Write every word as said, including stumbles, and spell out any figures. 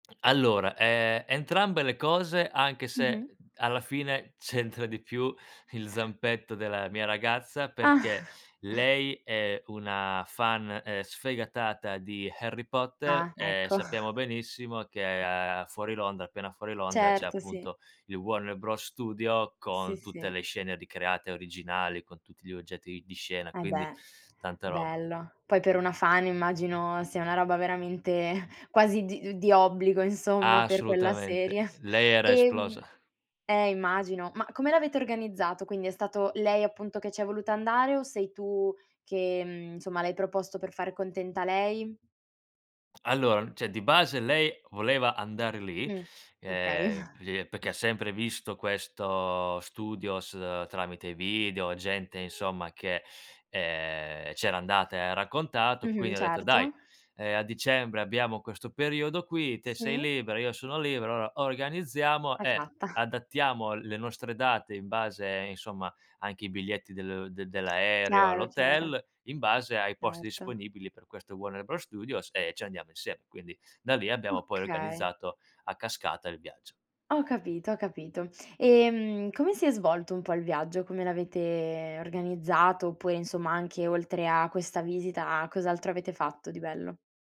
Allora ehm, entrambe le cose, anche se, Mh-mh. uhm, alla fine c'entra di più il zampetto della mia ragazza, Ah. perché lei è una fan, ehm, sfegatata di Harry Potter, Ah, ehm, ecco. sappiamo benissimo che a fuori Londra appena fuori Londra c'è Certo, sì. appunto il Warner Bros. Studio Sì, con tutte sì. le scene ricreate originali, con tutti gli oggetti di scena, Eh, quindi beh. tanta roba. Bello. Poi per una fan immagino sia una roba veramente quasi di di obbligo, insomma, per quella Assolutamente. serie. Lei era Ehm esplosa. eh, immagino. Ma come l'avete organizzato? Quindi è stato lei appunto che ci è voluta andare o sei tu che, mhmm, insomma, l'hai proposto per fare contenta lei? Allora, ceh, di base lei voleva andare lì, Mh. Okay. ehm, li è perché sempre visto questo studios tramite video, gente insomma che, ehm, c'era andata e ha raccontato. Mh-mh. Quindi ho detto: "Dai, Certo. ehm, a dicembre abbiamo questo periodo qui. Te sei Sì? libera, io sono libero, alloa organizziamo e Esatto. adattiamo le nostre date in base insomma anche i biglietti del del dell'aereo, Chiaro, chiaro. l'hotel, in base ai posti Certo. disponibili per questo Warner Bros. Studios e ci andiamo insieme." Quindi, da lì abbiamo poi Okay. organizzato a cascata il viaggio. Ho capito, ho capito. Ehm, come si è svolto un po' il viaggio? Come l'avete organizzato? Oppure, insomma, anche oltre a questa visita, cos'altro avete fatto di bello?